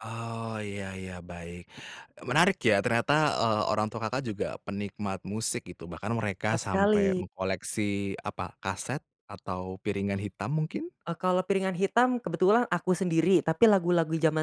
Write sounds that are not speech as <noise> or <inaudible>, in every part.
Oh, ya ya, baik, menarik ya ternyata, eee, orang tua Kakak juga penikmat musik gitu, bahkan mereka Tepat sampai sekali. mengkoleksi, apa, kaset atau piringan hitam mungkin? Oh, kalau piringan hitam kebetulan aku sendiri, tapi lagu lagu zaman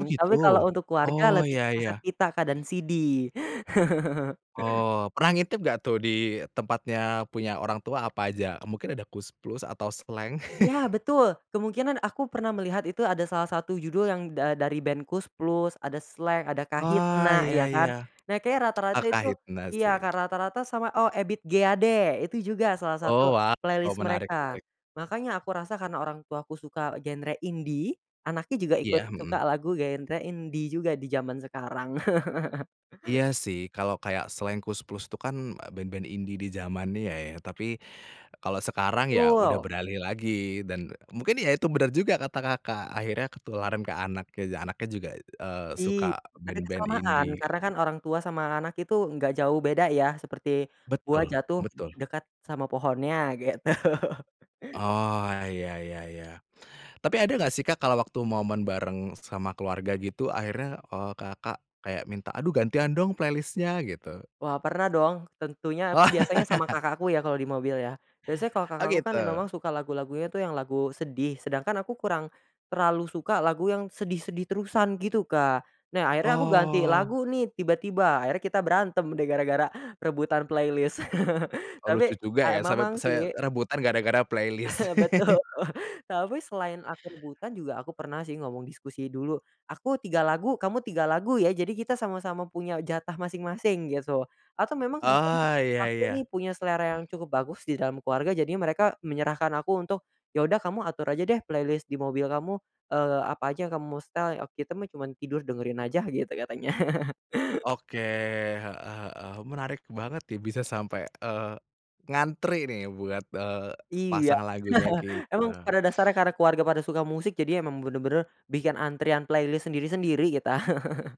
Oh, gitu. tapi kalau untuk keluarga Oh, lebih ke ya kaset ya. pita, Kak, dan CD. <chuckles> Oh, pernah ngintip nggak tuh, di tempatnya punya orang tua apa aja, mungkin ada Koes Plus atau Slank? Ya, <chuckles> betul, kemungkinan aku pernah melihat itu ada salah satu judul yang da dari ben Koes Plus, ada Slank, ada Wah, Kahitna, iya ya, iya. kan. Nah, kayaknya Ah, rata-rata itu Kahitna iya, sih. Kak, rata-rata sama oh, Ebid G. Ade, itu juga salah satu Oh, waw, playlist menarik mereka, menarik. makanya aku rasa karena orang tuaku suka genre indie, anaknya juga ikut Iya, suka mhm. lagu genre indie juga, di zaman sekarang. <chuckles> Iya, sih, kalau kayak Slank, Koes Plus tuh kan band-band indie di zamannya ya, tapi kalau sekarang ya udah Betul. beralih lagi dan mungkin ya itu, benar juga kata Kakak akhirnya ketularan ke anak-anaknya juga, eee, Ih, suka tapi kan band-band samaan, indie, karena gitu. kan orang tua sama anak itu nggak jauh beda ya, seperti buah Betul jatuh betul. dekat sama pohonnya, gitu. <chuckles> Oh, ya ya ya. Tapi ada nggak sih, Kak, kalau waktu momen bareng sama keluarga gitu, akhirnya, eee, Kakak kayak minta, "Aduh, gantian dong playlist-nya," gitu? Wah, pernah dong, tentunya aku Wah. biasanya sama kakakku ya, kalau di mobil, ya. Biasanya kalau Oh, kakakku kan gitu. memang suka lagu lagunya tuh, yang lagu sedih, sedangkan aku kurang terlalu suka lagu yang sedih-sedih terusan, gitu, Kak. Nah, akhirnya aku ganti Oh. lagu nih, tiba tiba, akhirnya kita berantem deh gara-gara rebutan playlist, <chuckles> Oh, lucu tapi juga a ya sampai memang, se sih rebutan gara-gara playlist. <chuckles> Betul, tapi selain aku rebutan juga, aku pernah sih ngomong diskusi dulu, "Aku 3 lagu, kamu 3 lagu, ya." Jadi kita sama sama punya jatah masing-masing, gitu. Atau memang kadang-kadang Oh, ya aku nih, ya. punya selera yang cukup bagus di dalam keluarga, jadinya mereka menyerahkan aku untuk, "Ya, udah, kamu atur aja deh playlist di mobil kamu, eee, apa aja yang kamu mau setel, eee, kita mah cuma tidur dengerin aja," gitu katanya. <chuckles> Oke, heeh heeh, menarik banget nih, bisa sampai, eee, ngantri nih buat, eee, Iya, pasang lagunya <chuckles> emang kita. pada dasarnya karena keluarga pada suka musik, jadi emang bener-bener bikin antrian playlist sendiri-sendiri kita. <chuckles>